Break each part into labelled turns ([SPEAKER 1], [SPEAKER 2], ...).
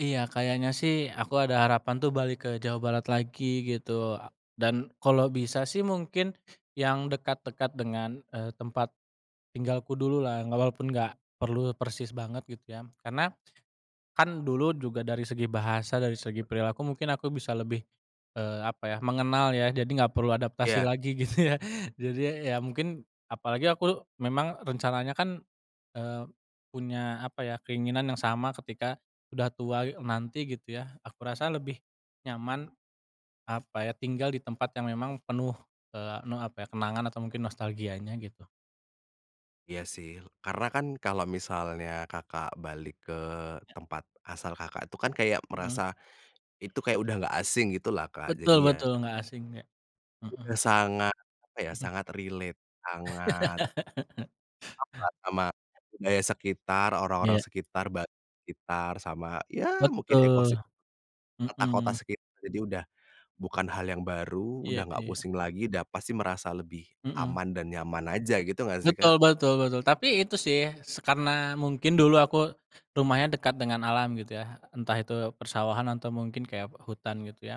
[SPEAKER 1] Iya, kayaknya sih, aku ada harapan tuh balik ke Jawa Barat lagi gitu. Eee, dan kalau bisa sih, mungkin yang dekat-dekat dengan, eee, tempat tinggalku dulu lah. Nggak walaupun nggak perlu persis banget gitu ya. Karena kan dulu juga dari segi bahasa, dari segi perilaku mungkin aku bisa lebih, eee, apa ya, mengenal ya. Jadi nggak perlu adaptasi
[SPEAKER 2] Iya.
[SPEAKER 1] lagi gitu ya. Jadi ya ya mungkin, apalagi aku memang rencananya kan, eee, punya apa ya, keinginan yang sama ketika udah tua e nanti gitu ya, aku rasa lebih nyaman apa ya, tinggal di tempat yang memang penuh, eee, ne apa ya, kenangan atau mungkin nostalgianya gitu.
[SPEAKER 2] Iya sih. Karena kan kalau misalnya Kakak balik ke
[SPEAKER 1] Iya.
[SPEAKER 2] tempat asal Kakak, itu kan kayak
[SPEAKER 1] Mhm.
[SPEAKER 2] merasa itu kayak udah nggak asing gitulah, Kak, jadi
[SPEAKER 1] Betul
[SPEAKER 2] ya
[SPEAKER 1] betul, nggak asing ya.
[SPEAKER 2] itu
[SPEAKER 1] Mhm.
[SPEAKER 2] sangat apa ya,
[SPEAKER 1] Mhm.
[SPEAKER 2] sangat relate, sangat akrab sama budaya sekitar, orang-orang
[SPEAKER 1] Iya.
[SPEAKER 2] sekitar, ba sekitar sama, ya mungkin
[SPEAKER 1] Betul,
[SPEAKER 2] ekosistem kota-kota
[SPEAKER 1] mhm.
[SPEAKER 2] sekitar. Jadi udah bukan hal yang baru,
[SPEAKER 1] Iya
[SPEAKER 2] udah nggak
[SPEAKER 1] iya.
[SPEAKER 2] pusing lagi, da pasti merasa lebih
[SPEAKER 1] Mhm.
[SPEAKER 2] aman dan nyaman aja, gitu nggak sih, Kak?
[SPEAKER 1] Betul betul betul. Tapi itu sih se karena mungkin dulu aku rumahnya dekat dengan alam gitu ya, entah itu persawahan atau mungkin kayak hutan gitu ya.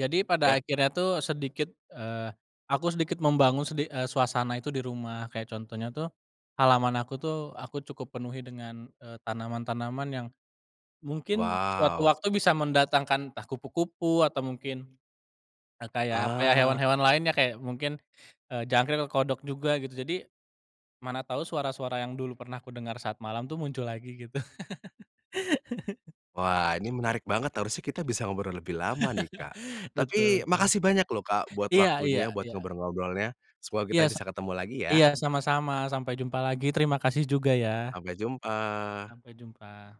[SPEAKER 1] Jadi pada
[SPEAKER 2] Iya.
[SPEAKER 1] akhirnya tuh sedikit, eee, aku sedikit membangun sedi eee, suasana itu di rumah. Kayak contohnya tuh, halaman aku tuh, aku cukup penuhi dengan, eee, tanaman-tanaman yang mungkin suatu
[SPEAKER 2] Wow.
[SPEAKER 1] waktu bisa mendatangkan, entah kupu-kupu atau mungkin, eee, kayak apa ya,
[SPEAKER 2] Ah.
[SPEAKER 1] hewan-hewan lainnya, kayak mungkin, eee, jangkrik atau kodok juga gitu. Jadi, mana tau suara-suara yang dulu pernah kudengar saat malam tuh, muncul lagi gitu.
[SPEAKER 2] Wah, ini menarik banget, harusnya kita bisa ngobrol lebih lama nih, Kak.
[SPEAKER 1] Betul
[SPEAKER 2] Tapi
[SPEAKER 1] betul.
[SPEAKER 2] makasih banyak lho, Kak, buat
[SPEAKER 1] Iya iya
[SPEAKER 2] waktunya, buat
[SPEAKER 1] iya.
[SPEAKER 2] ngobrol-ngobrolnya, semoga
[SPEAKER 1] Iya
[SPEAKER 2] kita
[SPEAKER 1] sa
[SPEAKER 2] bisa ketemu lagi ya.
[SPEAKER 1] iya, sama-sama, sampai jumpa lagi, terima kasih juga ya.
[SPEAKER 2] Sampai jumpa.
[SPEAKER 1] Sampai jumpa.